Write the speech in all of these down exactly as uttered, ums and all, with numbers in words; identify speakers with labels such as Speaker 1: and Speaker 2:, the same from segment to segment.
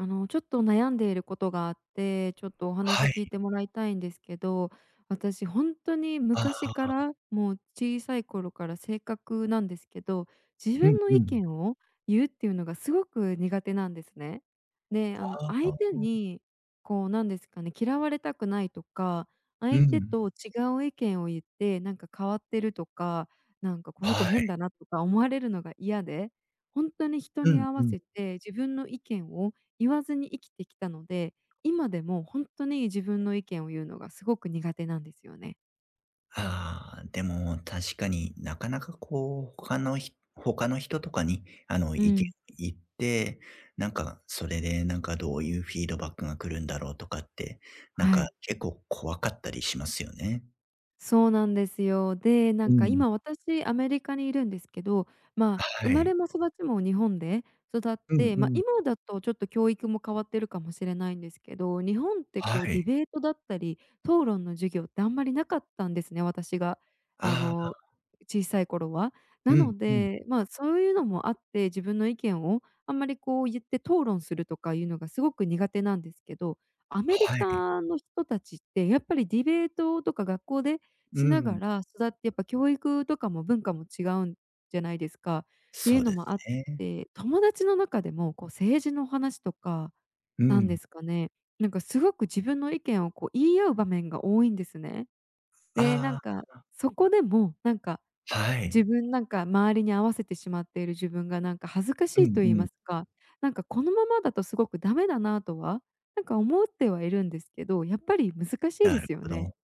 Speaker 1: あの、ちょっと悩んでいることがあって、ちょっとお話
Speaker 2: は
Speaker 1: 聞い
Speaker 2: い。
Speaker 1: てもらいたいんですけど、私ほんとに
Speaker 2: あ
Speaker 1: 昔
Speaker 2: あ
Speaker 1: か
Speaker 2: ああ。
Speaker 1: らもう小さい頃から性格なんですけど、自
Speaker 2: うん
Speaker 1: 分の
Speaker 2: う
Speaker 1: 意
Speaker 2: ん。
Speaker 1: 見を言うっていうのがすごく苦手なんですね。で、あの、
Speaker 2: ああ
Speaker 1: 相
Speaker 2: あ
Speaker 1: 手
Speaker 2: あ。
Speaker 1: にこうなんですかね、嫌われたくないとか、
Speaker 2: う
Speaker 1: 相手
Speaker 2: ん。
Speaker 1: と違う意見を言ってなんか「変わってる」とか、なんか「この子
Speaker 2: は
Speaker 1: 変
Speaker 2: い。
Speaker 1: だな」とか思われるのが嫌で、ほんとに人
Speaker 2: う
Speaker 1: に
Speaker 2: ん
Speaker 1: 合
Speaker 2: う
Speaker 1: わ
Speaker 2: ん。
Speaker 1: せて自分の意見を言わずに生きてきたので、今でもほんとに自分の意見を言うのがすごく苦手なんですよね。
Speaker 2: ああ、でも確かに、なかなかこう、他のひ他の人とかにあの
Speaker 1: う
Speaker 2: いけ
Speaker 1: ん。
Speaker 2: 言って、なんか、それでなんかどういうフィードバックが来るんだろうとかって、なん
Speaker 1: は
Speaker 2: か
Speaker 1: い。
Speaker 2: 結構怖かったりしますよね。
Speaker 1: そうなんですよ。で、な
Speaker 2: う
Speaker 1: んか
Speaker 2: ん。
Speaker 1: 今私アメリカにいるんですけど、ま、生
Speaker 2: は
Speaker 1: ま
Speaker 2: い。
Speaker 1: れも育ちも日本で育っ
Speaker 2: うん
Speaker 1: て、
Speaker 2: う
Speaker 1: ま、
Speaker 2: ん。
Speaker 1: 今だとちょっと教育も変わってるかもしれないんですけど、日本って
Speaker 2: は
Speaker 1: こう
Speaker 2: い。
Speaker 1: ディベートだったり、討論の授業ってあんまり無かったんですね、私が、あ
Speaker 2: あ
Speaker 1: の、
Speaker 2: あ。
Speaker 1: 小さい頃は、
Speaker 2: う
Speaker 1: な
Speaker 2: ん
Speaker 1: の
Speaker 2: うん。
Speaker 1: で、ま、そういうのもあって自分の意見を、あんまりこう言って討論するとかいうのがすごく苦手なんですけど、アメリ
Speaker 2: はい。
Speaker 1: カの人達ってやっぱりディベートとか学校で
Speaker 2: う
Speaker 1: しな
Speaker 2: ん。
Speaker 1: がら育ってやっぱ教育とかも文化も違うんじゃないですかってい
Speaker 2: そ
Speaker 1: う
Speaker 2: う
Speaker 1: の
Speaker 2: です
Speaker 1: もあっ
Speaker 2: ね。
Speaker 1: て、友達の中でもこう政治の話とか、
Speaker 2: う
Speaker 1: なんで
Speaker 2: ん。
Speaker 1: すかね、なんかすごく自分の意見をこう言い合う場面が多いんですね。で、なん
Speaker 2: あ
Speaker 1: か
Speaker 2: あああ。
Speaker 1: そこでもなんか、
Speaker 2: は
Speaker 1: 自
Speaker 2: い。
Speaker 1: 分なんか周りに合わせてしまっている自分がなんか恥ずかし
Speaker 2: うん
Speaker 1: いと言い
Speaker 2: う
Speaker 1: ま
Speaker 2: ん。
Speaker 1: すか、なんかこのままだとすごく駄目だなとは、なんか思ってはいるんですけど、やっぱり難しいで
Speaker 2: なる
Speaker 1: すよ
Speaker 2: ほ
Speaker 1: ね。
Speaker 2: ど。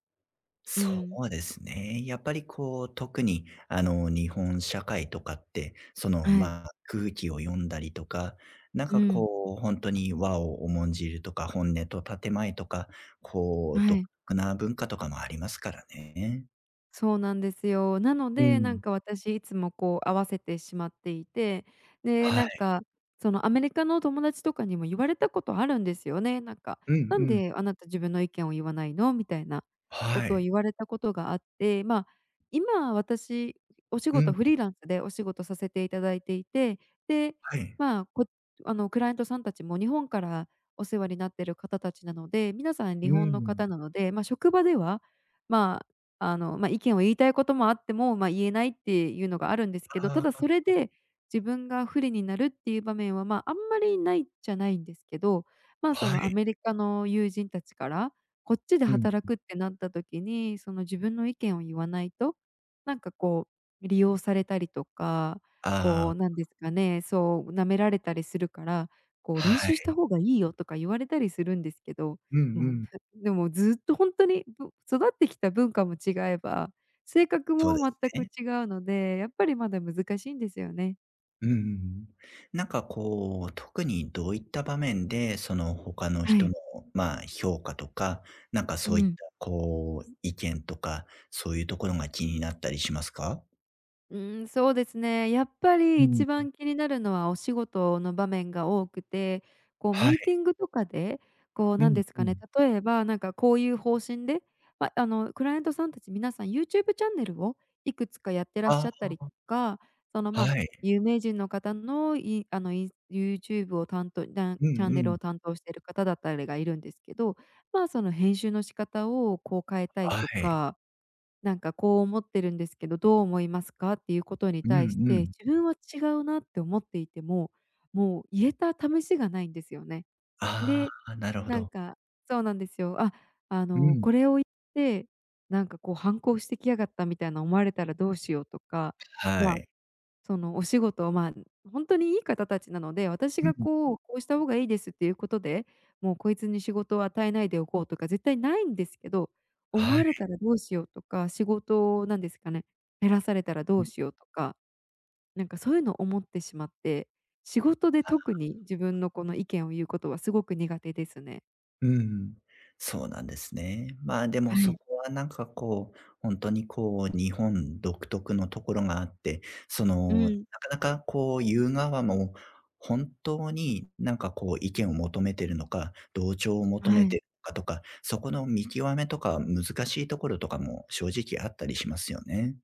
Speaker 1: う
Speaker 2: そ
Speaker 1: ん。
Speaker 2: うですね、やっぱりこう、特に、あの日本社会とかって、その
Speaker 1: はい。
Speaker 2: ま、空気を読んだりとか、なん
Speaker 1: う
Speaker 2: か
Speaker 1: ん。
Speaker 2: こう本当に和を重んじるとか、本音と建前とか、こう
Speaker 1: は
Speaker 2: 独
Speaker 1: い。
Speaker 2: 特な文化とかもありますからね。
Speaker 1: そうなんですよ、なの
Speaker 2: うー
Speaker 1: でなん
Speaker 2: ん。
Speaker 1: か私いつもこう合わせてしまっていて、で
Speaker 2: は
Speaker 1: なん
Speaker 2: い。
Speaker 1: か、そのアメリカの友達とかにも言われたことあるんですよね、なんか
Speaker 2: うん
Speaker 1: 「な
Speaker 2: う
Speaker 1: ん
Speaker 2: ん。
Speaker 1: であなた自分の意見を言わないの？」みたいなこ
Speaker 2: は
Speaker 1: とを
Speaker 2: い。
Speaker 1: 言われたことがあって、まあ、今は私、お仕
Speaker 2: う
Speaker 1: 事
Speaker 2: ん。
Speaker 1: フリーランスでお仕事させていただいていて、で、
Speaker 2: はい。
Speaker 1: まあ、こ、あの、クライアントさんたちも日本からお世話になってる方たちなので、皆さん
Speaker 2: う
Speaker 1: 日本の
Speaker 2: ん。
Speaker 1: 方なので、ま、職場では、まあ、あの、ま、意見を言いたいこともあっても、ま、言えないっていうのがあるんですけど、た
Speaker 2: あ
Speaker 1: だ
Speaker 2: あ。
Speaker 1: それで、自分が不利になるっていう場面は、ま、あんまりないっちゃないんですけど、まあそ
Speaker 2: は
Speaker 1: のア
Speaker 2: い。
Speaker 1: メリカの友人たちから、こっちで
Speaker 2: うん
Speaker 1: 働
Speaker 2: うん。
Speaker 1: くってなった時に、その自分の意見を言わないと、なんか、こう、利用されたりとか、
Speaker 2: あ
Speaker 1: こう
Speaker 2: あ。
Speaker 1: なんですかね、そう舐められたりするから、こう「練
Speaker 2: は
Speaker 1: 習した
Speaker 2: い。
Speaker 1: 方がいいよ」とか言われたりするんですけど、
Speaker 2: うんう
Speaker 1: もう、
Speaker 2: ん。
Speaker 1: ふでもずっとほんとに、うんと、育ってきた文化も違えば、性格
Speaker 2: そうで
Speaker 1: も
Speaker 2: す
Speaker 1: 全く
Speaker 2: ね。
Speaker 1: 違うので、やっぱりまだ難しいんですよね。
Speaker 2: うんうんうん。なんかこう、特にどういった場面で、その他の
Speaker 1: は
Speaker 2: 人の
Speaker 1: い。
Speaker 2: まあ評価とか、何か
Speaker 1: う
Speaker 2: そういった、
Speaker 1: ん。
Speaker 2: こう意見とか、そういうところが気になったりしますか？
Speaker 1: うーん、そうですね、やっぱ
Speaker 2: う
Speaker 1: り
Speaker 2: ん。
Speaker 1: 一
Speaker 2: ん。
Speaker 1: 番気になるのはお仕事の場面が多くて、こう
Speaker 2: は
Speaker 1: ミー
Speaker 2: い。
Speaker 1: ティングとかで、こう
Speaker 2: う
Speaker 1: なん
Speaker 2: ん
Speaker 1: です
Speaker 2: う
Speaker 1: かね、
Speaker 2: ん。
Speaker 1: 例えばなんかこういう方針で、ま、あの、クライアントさんたち皆さん YouTube チャンネルを、いくつかやってらっし
Speaker 2: あ
Speaker 1: ゃったりと
Speaker 2: あ。
Speaker 1: か、その、
Speaker 2: は
Speaker 1: ま、
Speaker 2: い。
Speaker 1: 有名人の方のいあの、いん YouTube を担当だ
Speaker 2: う
Speaker 1: チャ
Speaker 2: ん
Speaker 1: ン
Speaker 2: う
Speaker 1: ネル
Speaker 2: ん。
Speaker 1: を担当している方だったりがいるんですけど、ま、その編集の仕方をこう変えたい
Speaker 2: は
Speaker 1: と
Speaker 2: い。
Speaker 1: か、なんかこう思ってるんですけど、どう思いますか？っていうことに
Speaker 2: う
Speaker 1: 対し
Speaker 2: んう
Speaker 1: て
Speaker 2: ん。
Speaker 1: 自分は違うなって思っていても、もう言えた試しがないんですよね。
Speaker 2: あ
Speaker 1: で、
Speaker 2: あ、なるほ
Speaker 1: なん
Speaker 2: ど。
Speaker 1: か、そうなんですよ、あっ、あ
Speaker 2: う
Speaker 1: の、
Speaker 2: ん。
Speaker 1: これを言って、なんかこう反抗してきやがったみたいな思われたらどうしようとか、
Speaker 2: は
Speaker 1: まあ、
Speaker 2: い。
Speaker 1: その、お仕事をま、本当にいい方たちなので、私
Speaker 2: う
Speaker 1: が
Speaker 2: ん。
Speaker 1: こう、こうした方がいいですっていうことで、もうこいつに仕事を与えないでおこうとか絶対ないんですけど、思
Speaker 2: は
Speaker 1: わ
Speaker 2: い。
Speaker 1: れたらどうしようとか、仕事なんですかね、減らされたらど
Speaker 2: う
Speaker 1: う
Speaker 2: ん。
Speaker 1: しようとか。なんかそういうの思ってしまって、仕事で
Speaker 2: あ
Speaker 1: 特
Speaker 2: あ。
Speaker 1: に自分のこの意見を言うことはすごく苦手ですね。
Speaker 2: うーん。そうなんですね。まあ、でも
Speaker 1: は
Speaker 2: そ
Speaker 1: い。
Speaker 2: こは何かこう、ほんとに、こう、日本独特のところがあって、そ
Speaker 1: う
Speaker 2: の、な
Speaker 1: ん。
Speaker 2: かなかこう、言う側も、本当に、何かこう、意見を求めてるのか、同調を求
Speaker 1: は
Speaker 2: めて
Speaker 1: い。
Speaker 2: るのかとか、そこの見極めとか、難しいところとかも、正直あったりしますよね。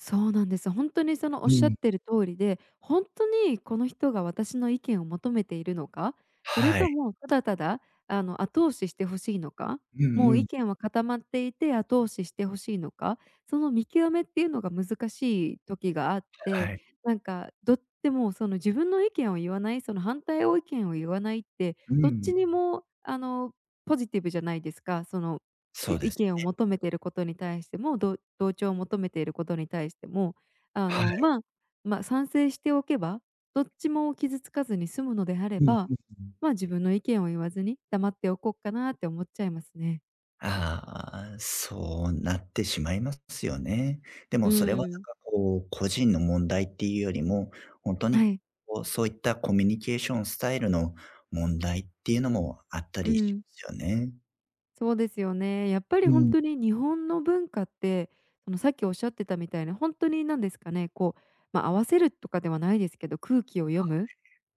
Speaker 1: そうなんです、ほんとにその、
Speaker 2: う
Speaker 1: 仰っ
Speaker 2: ん。
Speaker 1: てる通りで、ほんとにこの人が私の意見を求めているのか、それ
Speaker 2: はい。
Speaker 1: とも、ただただ、あの、後押しして欲しいのか、
Speaker 2: う
Speaker 1: も
Speaker 2: んう
Speaker 1: う意
Speaker 2: ん。
Speaker 1: 見は固まっていて、後押しして欲しいのか、その見極めっていうのが難しい時があっ
Speaker 2: は
Speaker 1: て、
Speaker 2: い。
Speaker 1: なんか、どっ、でもその、自分の意見を言わないその、反対を意見を言わないって、
Speaker 2: う
Speaker 1: どっ
Speaker 2: ん。
Speaker 1: ちにもあの、ポジティブじゃないですか、その、
Speaker 2: そう
Speaker 1: じ
Speaker 2: で
Speaker 1: 意
Speaker 2: す
Speaker 1: 見を
Speaker 2: ね。
Speaker 1: 求めていることに対しても、ど同調を求めていることに対しても、あ
Speaker 2: は
Speaker 1: の、
Speaker 2: い。
Speaker 1: ま、ま賛成しておけば、どっちも傷つかずに済むのであれ
Speaker 2: うん
Speaker 1: ば、
Speaker 2: うんうん。
Speaker 1: まあ、自分の意見を言わずに、黙っておこうかなって思っちゃいますね。
Speaker 2: ああ、そうなってしまいますよね。で
Speaker 1: う
Speaker 2: もそれ
Speaker 1: ー
Speaker 2: はなん
Speaker 1: ん。
Speaker 2: かこう、個人の問題っていうよりも、ほんとに
Speaker 1: はい。
Speaker 2: こうそういったコミュニケーションスタイルの問題っていうのもあった
Speaker 1: う
Speaker 2: りしま
Speaker 1: ん。
Speaker 2: すよね。
Speaker 1: そうですよね、やっぱり
Speaker 2: う
Speaker 1: ほん
Speaker 2: ん。
Speaker 1: とに日本の文化って、その、さっきおっしゃってたみたいな、ほんとになんですかね、こう、ま、合わせるとかではないですけど、空気を読
Speaker 2: は
Speaker 1: むっ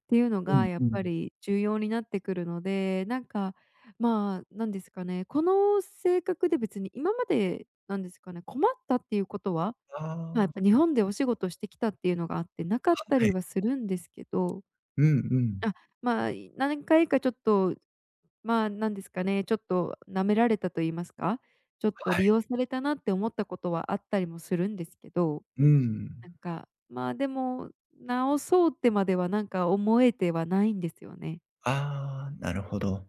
Speaker 1: ていうの
Speaker 2: い、う
Speaker 1: が
Speaker 2: ん
Speaker 1: やっ
Speaker 2: う
Speaker 1: ぱ
Speaker 2: ん。
Speaker 1: り重要になってくるので、なんか、ま、なんですかね、この性格で別に今までなんですかね、困ったっていうことは、
Speaker 2: あ
Speaker 1: ま、やっ
Speaker 2: あ。
Speaker 1: ぱ日本でお仕事してきたっていうのがあって無かった
Speaker 2: は
Speaker 1: り
Speaker 2: い。
Speaker 1: はするんですけど、
Speaker 2: うんう
Speaker 1: あ
Speaker 2: ん。
Speaker 1: っ、ま、何回かちょっと、ま、なんですかね、ちょっと舐められたと言いますか、ちょっと
Speaker 2: は
Speaker 1: 利
Speaker 2: い。
Speaker 1: 用されたなって思ったことはあったりもするんですけど。
Speaker 2: うー
Speaker 1: な
Speaker 2: ん。
Speaker 1: んか、ま、でも直そうってまではなんか思えてはないんですよね。
Speaker 2: ああ、なるほど。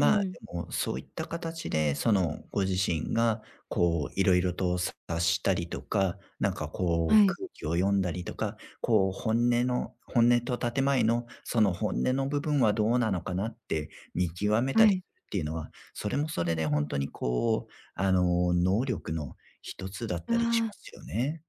Speaker 1: うん。
Speaker 2: でもうそういった形で、そのご自身が、こう色々と察したりとか、なんかこう
Speaker 1: はい。
Speaker 2: 空気を読んだりとか、こう本音の本音と建前の、その本音の部分はどうなのかなって、見極めた
Speaker 1: は
Speaker 2: りっ
Speaker 1: い。
Speaker 2: ていうのは、それもそれでほんとにこう、あの能力のひとつだっ
Speaker 1: あ
Speaker 2: たりし
Speaker 1: あ。
Speaker 2: ますよね。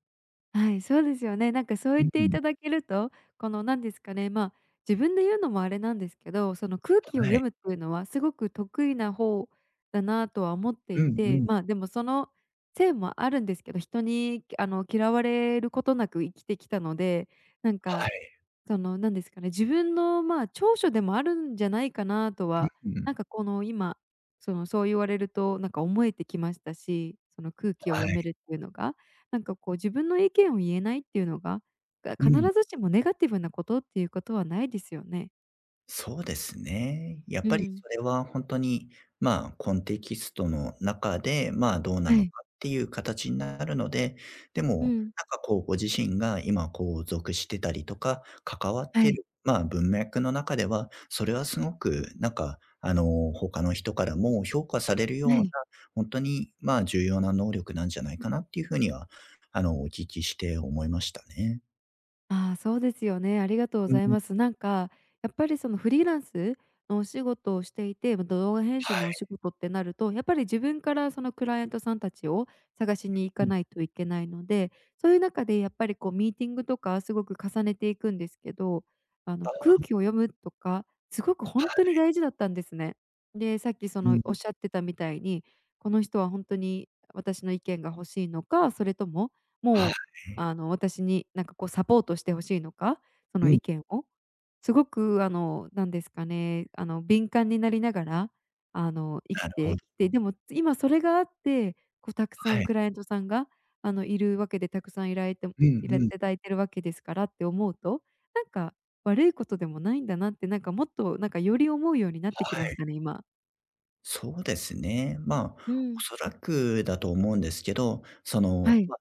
Speaker 1: はい、そうですよね。なんかそう
Speaker 2: う
Speaker 1: 言っ
Speaker 2: う
Speaker 1: て
Speaker 2: ん。
Speaker 1: 頂けると、このなんですかね、まあ、自分で言うのもあれなんですけど、その空気を
Speaker 2: は
Speaker 1: 読
Speaker 2: い。
Speaker 1: むって言うのは、凄く得意な方だなとは思って
Speaker 2: う
Speaker 1: い
Speaker 2: んう
Speaker 1: て、
Speaker 2: ん。
Speaker 1: まあ、でも、そのせいもあるんですけど、人にあの嫌われる事なく生きてきたので、なん
Speaker 2: は
Speaker 1: か。
Speaker 2: い。
Speaker 1: その、なんですかね、自分のまあ、長所でもあるんじゃないかなとは、
Speaker 2: うう
Speaker 1: なん
Speaker 2: ん。
Speaker 1: かこの今、その、そう言われるとなんか思えてきましたし、その、空気を
Speaker 2: は
Speaker 1: 読
Speaker 2: い。
Speaker 1: めるって言うのが、なんかこう、自分の意見を言えないって言うのが、が、
Speaker 2: う
Speaker 1: 必
Speaker 2: ん。
Speaker 1: ずしもネガティブな事って言う事はないですよね。
Speaker 2: そうですね。やっ
Speaker 1: う
Speaker 2: ぱり、
Speaker 1: ん。
Speaker 2: それはほんとに、まあ、コンテキストの中で、まあ、どうな
Speaker 1: は
Speaker 2: の
Speaker 1: い。
Speaker 2: かって言う形になるので、で
Speaker 1: う
Speaker 2: も、
Speaker 1: ん。
Speaker 2: なんかこう、ご自身が今こう、属してたりとか、関わっ
Speaker 1: は
Speaker 2: て
Speaker 1: い。
Speaker 2: る、まあ、文脈の中では、それは凄くなんかあの、他の人からも評価されるよう
Speaker 1: は
Speaker 2: な、
Speaker 1: い。
Speaker 2: ほんとに、まあ、重要な能力なんじゃないかなって言う風には、あの、お聞きして思いましたね。
Speaker 1: ああ、そうですよね、ありがとうご
Speaker 2: うん
Speaker 1: ざい
Speaker 2: うん。
Speaker 1: ます。なんかやっぱりそのフリーランスのお仕事をしていて、動画編集
Speaker 2: は
Speaker 1: のお
Speaker 2: い。
Speaker 1: 仕事ってなると、やっぱり自分からそのクライアントさんたちを、探しに行
Speaker 2: う
Speaker 1: か
Speaker 2: んうん。
Speaker 1: ないといけないので、そういう中でやっぱりこうミーティングとかすごく重ねていくんです。けど、あ
Speaker 2: あ
Speaker 1: の、空
Speaker 2: あ。
Speaker 1: 気を読むとか、すごくほ
Speaker 2: は
Speaker 1: んとに
Speaker 2: い。
Speaker 1: 大事だったんですね。で、さっきそ
Speaker 2: う
Speaker 1: の、おっ
Speaker 2: ん。
Speaker 1: しゃってたみたいに、この人はほんとに私の意見が欲しいのか、それとも、
Speaker 2: は
Speaker 1: もう、
Speaker 2: い。
Speaker 1: あの、私になんかこうサポートして欲しいのか、そ
Speaker 2: う
Speaker 1: の
Speaker 2: ん。
Speaker 1: 意見を、すごくあの、なんですかね、あの、敏感になりながら、あの、生
Speaker 2: な
Speaker 1: き
Speaker 2: るほど。
Speaker 1: てきて、でも今それがあって、こうたくさ
Speaker 2: は
Speaker 1: ん
Speaker 2: い。
Speaker 1: クライアントさんが、あの、いるわけでたくさんいらいて
Speaker 2: うん
Speaker 1: いら
Speaker 2: うん。
Speaker 1: 頂いてるわけですからって思うと、なんか、悪いことでもないんだなって、なんか、もっとなんかより思うようになってき
Speaker 2: は
Speaker 1: まし
Speaker 2: い。
Speaker 1: たね、今。
Speaker 2: そうですね。ま
Speaker 1: う
Speaker 2: あ、
Speaker 1: ん。
Speaker 2: 恐らくだと思うんですけど、そ
Speaker 1: は
Speaker 2: の、
Speaker 1: い。
Speaker 2: ま、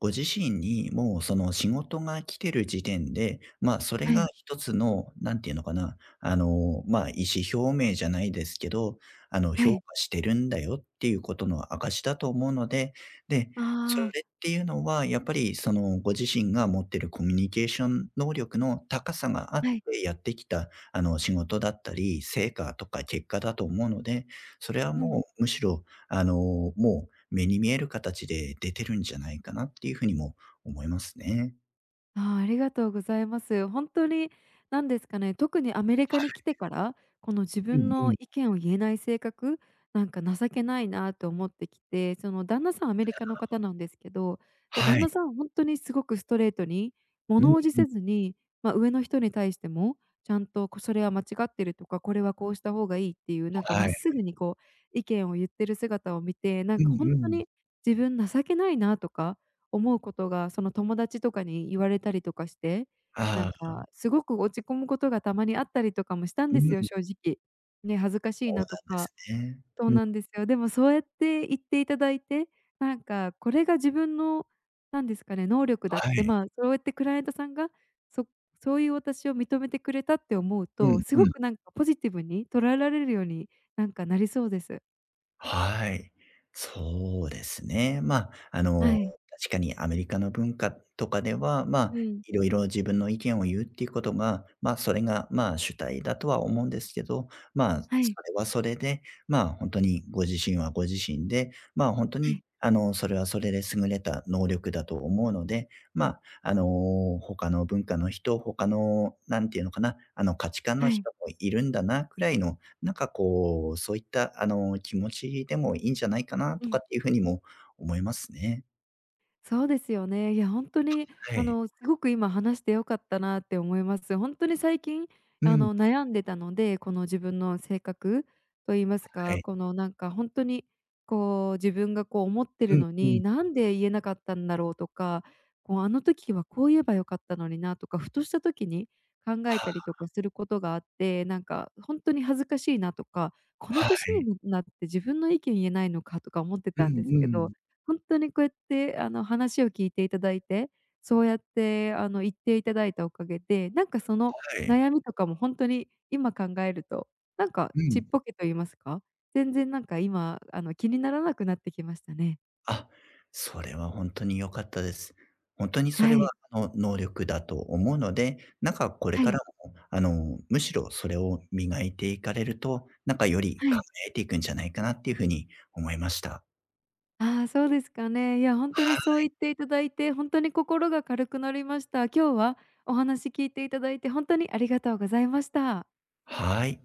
Speaker 2: ご自身に、もうその仕事が来てる時点で、ま、それ
Speaker 1: は
Speaker 2: が
Speaker 1: い。
Speaker 2: ひとつの、何ていうのかな、あの、ま、意思表明じゃないですけど、あの、
Speaker 1: は
Speaker 2: 「評
Speaker 1: い。
Speaker 2: 価してるんだよ」っていうことの証しだと思うので、で、
Speaker 1: あ
Speaker 2: そ
Speaker 1: あ。
Speaker 2: れっていうのは、やっぱり、その、ご自身が持ってるコミュニケーション能力の高さがあって、
Speaker 1: はい。
Speaker 2: やってきた、あの、仕事だったり、成果とか結果だと思うので、それは
Speaker 1: うん。
Speaker 2: もうむしろ、あの、もう目に見える形で出てるんじゃないかなっていう風にも思いますね。
Speaker 1: ああ、ありがとうございます。ほんとに、なんですかね、特にアメリカ
Speaker 2: は
Speaker 1: に来
Speaker 2: い。
Speaker 1: てから、この自
Speaker 2: う
Speaker 1: 分
Speaker 2: んう
Speaker 1: の
Speaker 2: ん。
Speaker 1: 意見を言えない性格、なんか情けないなと思ってきて、その旦那さんアメリカの
Speaker 2: ああ。
Speaker 1: 方なんですけど、で
Speaker 2: は
Speaker 1: 旦
Speaker 2: い。
Speaker 1: 那さんほんとにすごくストレートに、
Speaker 2: う
Speaker 1: 物
Speaker 2: ん
Speaker 1: 怖じ
Speaker 2: うん。
Speaker 1: せずに、まあ、上の人に対してもちゃんと、こ「それは間違ってる」とか、「これはこうした方がいい」っていうなんか
Speaker 2: は
Speaker 1: 真っ
Speaker 2: い。
Speaker 1: 直ぐにこう、意見を言ってる姿を見て、な
Speaker 2: う
Speaker 1: んかほ
Speaker 2: ん
Speaker 1: ん
Speaker 2: う
Speaker 1: と
Speaker 2: ん。
Speaker 1: に自分情けないなとか、思うことがその、友達とかに言われたりとかして、なん
Speaker 2: ああ。
Speaker 1: かすごく落ち込むことが、たまにあったりとかもしたん
Speaker 2: う
Speaker 1: ですよ、
Speaker 2: ん。
Speaker 1: 正直。ね、恥ずかしい
Speaker 2: そう
Speaker 1: なと
Speaker 2: なんで
Speaker 1: か、
Speaker 2: すね。
Speaker 1: そう
Speaker 2: うん。
Speaker 1: なんですよ、でもそうやって言っていただいて、なんかこれが自分の、何ですかね、能力だっ
Speaker 2: は
Speaker 1: て、
Speaker 2: い。
Speaker 1: まあ、そうやってクライアントさんが、そそういう私を認めてくれたって思う
Speaker 2: う
Speaker 1: と、
Speaker 2: ん
Speaker 1: すご
Speaker 2: うん。
Speaker 1: くなんかポジティブに捉えられるように、なんか、なりそうです。
Speaker 2: はい。そうですね。まあ、あ
Speaker 1: は
Speaker 2: の、
Speaker 1: い。
Speaker 2: 確かにアメリカの文化とかでは、まあ、
Speaker 1: うん。
Speaker 2: いろいろ自分の意見を言うっていうことが、まあ、それがまあ、主体だとは思うんですけど、まあ、そ
Speaker 1: はい。
Speaker 2: れはそれでまあ、ほんとにご自身はご自身でまあ、ほんと
Speaker 1: は
Speaker 2: に、
Speaker 1: い。
Speaker 2: あの、それはそれで優れた能力だと思うので、まあ、あの、他の文化の人、他の、何ていうのかな、あの、価値観の
Speaker 1: はい。
Speaker 2: 人もいるんだな位の、何かこう、そういったあの、気持ちでもいいんじゃないかな
Speaker 1: う
Speaker 2: とか
Speaker 1: ん。
Speaker 2: っていう風にも思いますね。
Speaker 1: そうですよね、いやほんとに、
Speaker 2: は
Speaker 1: あ
Speaker 2: い。
Speaker 1: の、すごく今話して良かったなって思います。ほんとに最近、
Speaker 2: う
Speaker 1: あ
Speaker 2: ん。
Speaker 1: の悩んでたので、この自分の性格と言います
Speaker 2: は
Speaker 1: か、
Speaker 2: い。
Speaker 1: このなんかほんとに、こう自分がこう思って
Speaker 2: う
Speaker 1: る
Speaker 2: ん
Speaker 1: の
Speaker 2: う
Speaker 1: に
Speaker 2: ん。
Speaker 1: なんで言えなかったんだろうとか、こうあの時はこう言えばよかったのになとか、ふとした時に、考え
Speaker 2: あ
Speaker 1: たりと
Speaker 2: あ。
Speaker 1: かすることがあって、なんか、ほんとに恥ずかしいなとか、この
Speaker 2: は
Speaker 1: 歳に
Speaker 2: い。
Speaker 1: もなって自分の意見言えないのかとか思って
Speaker 2: うん
Speaker 1: たんです
Speaker 2: う
Speaker 1: けど、
Speaker 2: ん。
Speaker 1: ほんとにこうやってあの話を聞いていただいて、そうやってあの言っていただいたおかげで、なんか、その
Speaker 2: はい。
Speaker 1: 悩みとかもほんとに、今考えると、なんか、
Speaker 2: う
Speaker 1: ちっ
Speaker 2: ん。
Speaker 1: ぽけと言いますか？全然、なんか、今あの気にならなくなってきましたね。
Speaker 2: あ、それはほんとに良かったです。ほんとにそれ
Speaker 1: は
Speaker 2: は、
Speaker 1: い。
Speaker 2: あの、能力だと思うので、何かこれ
Speaker 1: は
Speaker 2: から
Speaker 1: い。
Speaker 2: も、あのむしろそれを磨いていかれると、なんかより
Speaker 1: は
Speaker 2: 輝
Speaker 1: い。
Speaker 2: いていくんじゃないかなっていう風に思いました。
Speaker 1: ああそうですかね、いやほんと
Speaker 2: は
Speaker 1: にそう言
Speaker 2: い。
Speaker 1: っていただいて、ほんとに心が軽くなりました。今日はお話聞いていただいてほんとにありがとうございました。
Speaker 2: はい。